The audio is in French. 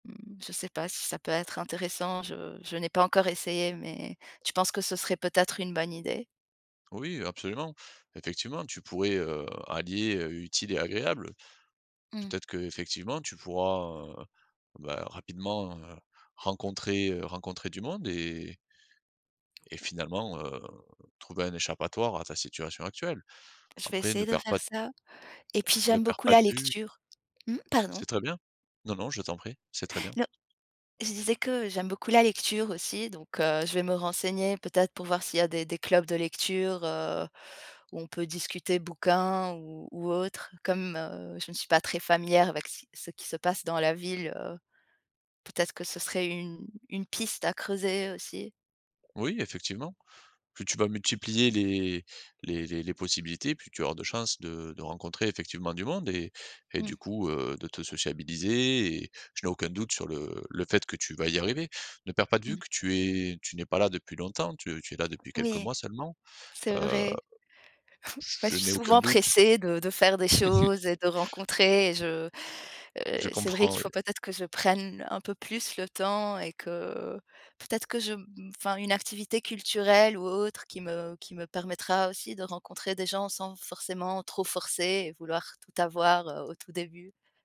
Mmh, je sais pas si ça peut être intéressant. Je je n'ai pas encore essayé, mais tu penses que ce serait peut-être une bonne idée? Oui, heu, absolument. Effectivement tu pourrais, heu, allier, heu, utile et agréable. Mmh. Peut-être qu'effectivement, tu pourras, heu, bah, rapidement, heu, rencontrer, heu, rencontrer du monde et et finalement, heu, trouver un échappatoire à ta situation actuelle. Je vais Après ne essayer de perd pas faire d ça. Et puis ne j'aime perds beaucoup pas de la vue lecture. Mmh, pardon? C'est très bien. Non non, je t'en prie. C'est très bien. No Je disais que j'aime beaucoup la lecture aussi, donc, heu, je vais me renseigner peut-être pour voir s'il y des des clubs de lecture, heu, où on peut discuter bouquins ou ou autres. Comme, heu, je ne suis pas très familière avec si ce qui se passe dans la ville, heu, peut-être que ce serait une une piste à creuser, aussi. Oui, effectivement, plus tu vas multiplier les les les les possibilités, plus tu vas avoir de chances de de rencontrer effectivement du monde et et, Mmh. du coup, heu, de te sociabiliser. Et je n'ai aucun doute sur le le fait que tu vas y arriver. Ne perds pas de vue Mmh. que tu es tu n'es pas là depuis longtemps, tu es tu es là depuis quelques Oui! mois seulement, C'est heu vrai. j Bah, je je suis n'ai aucun souvent doute. pressée de de faire des choses et de rencontrer, et je heu, Je c'est vrai comprends, qu'il faut oui. peut-être que je prenne un peu plus le temps et que peut-être que je m enfin, une activité culturelle ou autre qui me qui me permettra aussi de rencontrer des gens, sans forcément trop forcer, et vouloir tout avoir, heu, au tout début.